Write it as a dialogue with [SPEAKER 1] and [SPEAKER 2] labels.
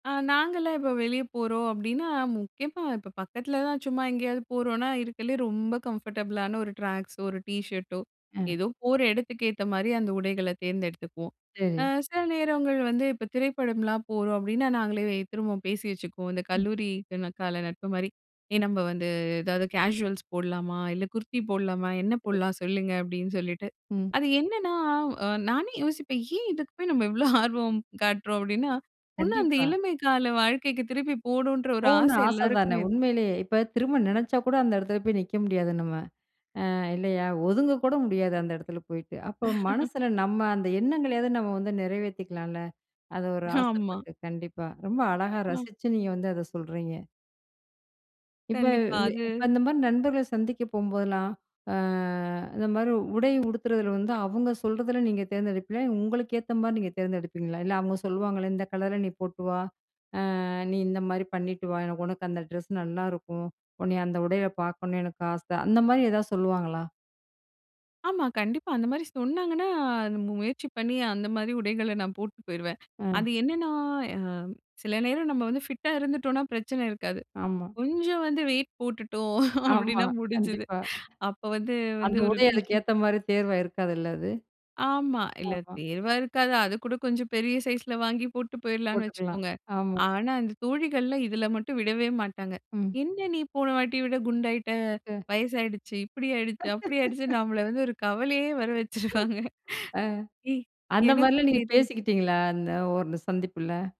[SPEAKER 1] ஆ நாங்கலாம் இப்போ வெளியே போறோம் அப்டின்னா, முக்கியமா இப்ப பக்கத்துல தான் சும்மா எங்கயாவது போறோம்னா இருக்கறதுலயே ரொம்ப கம்ஃபர்டபிளான 1 ட்ராக்ஸோ, 1 டீஷர்டோ,
[SPEAKER 2] அ.
[SPEAKER 1] ஏதோ போற இடத்துக்கு ஏத்த மாரி அந்த உடைகளை தேர்ந்தெடுத்துக்குவோம். அ
[SPEAKER 2] சரி.
[SPEAKER 1] சில நேரங்கள் வந்து இப்போ திரைப்படம்லாம் போறோம் அப்டின்னா, நாங்களே திரும்ப பேசி வச்சுக்குவோம். இந்த
[SPEAKER 2] ம்.
[SPEAKER 1] கல்லூரி கன கால நட்பு மாரி "ஏ நம்ம வந்து ஏதாவது கேசுவல்ஸ் போடலாமா? இல்ல குர்தி போடலாமா? என்ன போடலாம்? சொல்லுங்க." அப்டின்னு சொல்லிட்டு.
[SPEAKER 2] ம்.
[SPEAKER 1] அது என்னன்னா, நானே யோசிப்பேன், ஏன் இதுக்கு போய் நம்ம இவ்ளோ ஆர்வம் காட்டுறோம். அப்டின்னா ஒண்ணு அந்த
[SPEAKER 2] கண்டிப்பா.
[SPEAKER 1] இளமை கால வாழ்க்கைக்கு திருப்பி போணும்ன்ற ஒரு
[SPEAKER 2] போகணும்னு
[SPEAKER 1] ஆசை
[SPEAKER 2] ஆச தானே
[SPEAKER 1] எல்லாருக்குமே இருக்கு.
[SPEAKER 2] உண்மையிலயே, இப்ப திரும்ப நினைச்சா கூட அந்த இடத்துல போய் நிக்க முடியாது நம்ம. அ இல்லையா, ஒதுங்க கூட முடியாது அந்த இடத்துல போயிட்டு. அப்போ மனசுல நம்ம அந்த எண்ணங்களையாவது நம்ம வந்து நிறைவேத்திக்கலாம்ல. அது ஒரு
[SPEAKER 1] ஆமா.
[SPEAKER 2] ஆசைப்பட்டு, கண்டிப்பா. ரொம்ப அழகா
[SPEAKER 1] அ.
[SPEAKER 2] ரசிச்சு நீங்க வந்து அத சொல்றீங்க. இப்ப
[SPEAKER 1] கண்டிப்பா.
[SPEAKER 2] வே
[SPEAKER 1] அது
[SPEAKER 2] அந்த மாரி நண்பர்கள சந்திக்க போம்போதெல்லாம், ஆ இந்த மாரி உடை உடுத்துறதுல வந்து அவங்க சொல்றதுல நீங்க தேர்ந்தெடுப்பீங்களா? உங்களுக்கு ஏத்த மாதிரி நீங்க தேர்ந்தெடுப்பீங்களா? இல்ல அவங்க சொல்லுவாங்களே "இந்த கலர்ல நீ போட்டு வா. அ நீ இந்த மாரி பண்ணிட்டு வா. எனக்கு உனக்கு அந்த ட்ரெஸ் நல்லாயிருக்கும். உன்னைய அந்த உடையில பார்க்கணும்னு எனக்கு ஆசை." அந்த மாரி ஏதாவது சொல்லுவாங்களா?
[SPEAKER 1] ஆமா, கண்டிப்பா. அந்த மாரி சொன்னாங்கன்னா, முயற்சி பண்ணி அந்த மாரி உடைகள நான் போட்டு போயிருவேன்.
[SPEAKER 2] அ.
[SPEAKER 1] அது என்னென்னா, அ சில நேரம் நம்ம வந்து ஃபிட்டா இருந்துட்டோம்னா பிரச்சனை இருக்காது.
[SPEAKER 2] ஆமா.
[SPEAKER 1] கொஞ்சம் வந்து வெயிட் போட்டுட்டோம்
[SPEAKER 2] ஆமா.
[SPEAKER 1] அப்டின்னா முடிஞ்சுது.
[SPEAKER 2] கண்டிப்பா.
[SPEAKER 1] அப்போ வந்து
[SPEAKER 2] அந்த
[SPEAKER 1] வந்து ஒரு
[SPEAKER 2] உடை அதுக்கு
[SPEAKER 1] டீஷர்ட்
[SPEAKER 2] ஏத்த மாரி தேர்வா இருக்காதுல்ல. அது.
[SPEAKER 1] ஆமா. இல்ல
[SPEAKER 2] ஆஹ.
[SPEAKER 1] தேர்வா இருக்காது. அதுக்கூட கொஞ்சம் பெரிய சைஸ்ல வாங்கி போட்டு போயிடலான்னு
[SPEAKER 2] போட்டுக்கலாம்
[SPEAKER 1] வச்சுக்கோங்க.
[SPEAKER 2] ஆமா.
[SPEAKER 1] ஆனா அந்த தோழிகள்லாம் இதில மட்டும் விடவே மாட்டாங்க.
[SPEAKER 2] ம்.
[SPEAKER 1] "என்ன நீ போன வாட்டி விட குண்டாகிட்ட,
[SPEAKER 2] [unintelligible]
[SPEAKER 1] வயசாயிடுச்சு இப்டி ஆயிடுச்சு, அப்டி ஆயிடுச்சுனு" நம்மள வந்து ஒரு கவலையே வர வச்சுருவாங்க.
[SPEAKER 2] ஆ.
[SPEAKER 1] ஏய்
[SPEAKER 2] அந்த மாரிலாம்
[SPEAKER 1] எனக்கும்
[SPEAKER 2] நீங்க
[SPEAKER 1] தெரி
[SPEAKER 2] பேசிக்கிட்டீங்களா, இந்த ஒரு சந்திப்புல?